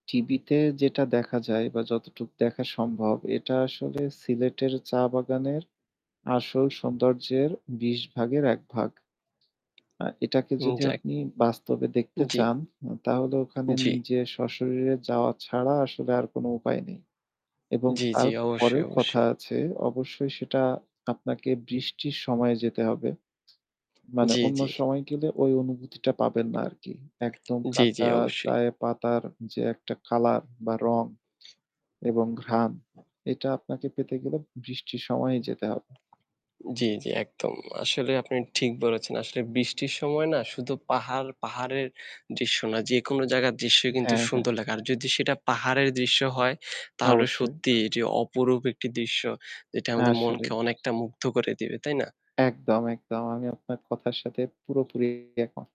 টিভিতে যেটা দেখা যায় বা যতটুকু দেখা সম্ভব, এটা আসলে সিলেটের চা বাগানের আসল সৌন্দর্যের ২০ ভাগের ১ ভাগ। আ এটাকে উম যদি যাক। আপনি বাস্তবে দেখতে জি। চান আ তাহলে ওখানে জি। নিজের স্বশরীরে যাওয়া ছাড়া আসলে আর কোন উপায় নেই। এবং জি, জি, অবশ্যই, তারপরেও কথা অবশ্যই। আছে। অবশ্যই সেটা আপনাকে বৃষ্টির সময়ে যেতে হবে। মানে জি, অন্য জি। সময় গেলে ওই অনুভূতিটা পাবেন না আরকি। একদম জি, জি কাঁচা অবশ্যই। চায়ে পাতার যে একটা কালার বা রং এবং ঘ্রাণ। এটা আপনাকে পেতে গেলে বৃষ্টির সময়েই যেতে হবে। জি, জি একদম। আসলে আপনি ঠিক বলেছেন। আসলে বৃষ্টির সময় না শুধু পাহাড় পাহাড়ের দৃশ্য না যেকোনো জায়গার দৃশ্যই কিন্তু হ্যাঁ, হ্যাঁ। সুন্দর লাগে। আর যদি সেটা পাহাড়ের দৃশ্য হয় তাহলে অবশ্যই। সত্যিই এটি অপরূপ একটি দৃশ্য যেটা আমাদের আসলেই। মনকে অনেকটা মুগ্ধ করে দিবে। তাই না? একদম, একদম। আমি আপনার কথার সাথে পুরোপুরি এক মত।